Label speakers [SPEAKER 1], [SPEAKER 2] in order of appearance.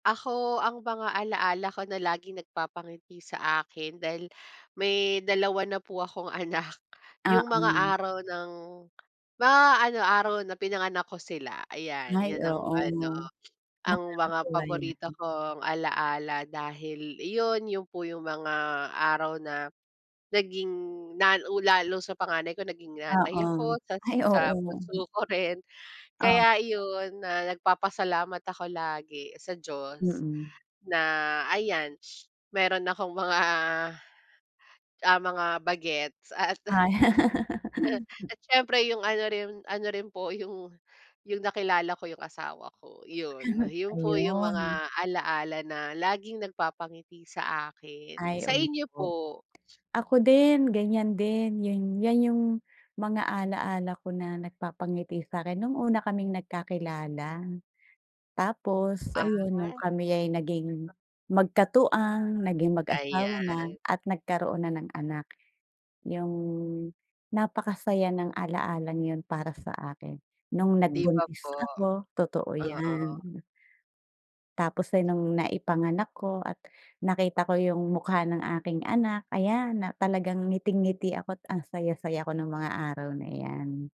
[SPEAKER 1] Ako, ang mga ala-ala ko na laging nagpapangiti sa akin dahil may dalawa na po akong anak,
[SPEAKER 2] Ah,
[SPEAKER 1] yung mga
[SPEAKER 2] hmm.
[SPEAKER 1] araw ng mga ano, araw na pinanganak ko sila. Ayan,
[SPEAKER 2] Ay,
[SPEAKER 1] yan ang
[SPEAKER 2] oo,
[SPEAKER 1] ano,
[SPEAKER 2] 'no?
[SPEAKER 1] ang mga
[SPEAKER 2] Nakakatuwa yan.
[SPEAKER 1] paborito kong ala-ala dahil iyon, yun po yung mga araw na naging nan u lalo sa panganay ko naging
[SPEAKER 2] Oo.
[SPEAKER 1] nanay ako, tas
[SPEAKER 2] Ay, oo
[SPEAKER 1] sa
[SPEAKER 2] nga eh.
[SPEAKER 1] bunso ko rin.
[SPEAKER 2] Um.
[SPEAKER 1] Kaya yun, na nagpapasalamat ako lagi sa Diyos
[SPEAKER 2] Mm.
[SPEAKER 1] na ayan, meron akong mga, ah, mga bagets at
[SPEAKER 2] Ay.
[SPEAKER 1] At siyempre yung ano rin, ano rin po yung yung nakilala ko yung asawa ko yun. Yun po yung
[SPEAKER 2] Ayun.
[SPEAKER 1] mga ala-ala na laging nagpapangiti sa akin.
[SPEAKER 2] Ay
[SPEAKER 1] Sa inyo
[SPEAKER 2] opo.
[SPEAKER 1] po?
[SPEAKER 2] Ako din, ganyan din yung 'yan yung mga ala-ala ko na nagpapangiti sa'kin nung una kaming nagkakilala. Tapos ayun, nung
[SPEAKER 1] Aha?
[SPEAKER 2] kami ay naging magkatuwang, naging mag-asawa na,
[SPEAKER 1] Ayan.
[SPEAKER 2] at, nagkaroon na ng anak. Yung napakasaya ng ala-alang 'yun para sa akin, nung
[SPEAKER 1] 'Di ba
[SPEAKER 2] nagbuntis
[SPEAKER 1] po?
[SPEAKER 2] ako. Totoo
[SPEAKER 1] Oo.
[SPEAKER 2] yan. Tapos din nung naipanganak ko, at, nakita ko yung mukha ng aking anak, ayan, na talagang ngiting-ngiti ako't ang saya-saya ko nung mga araw na 'yan.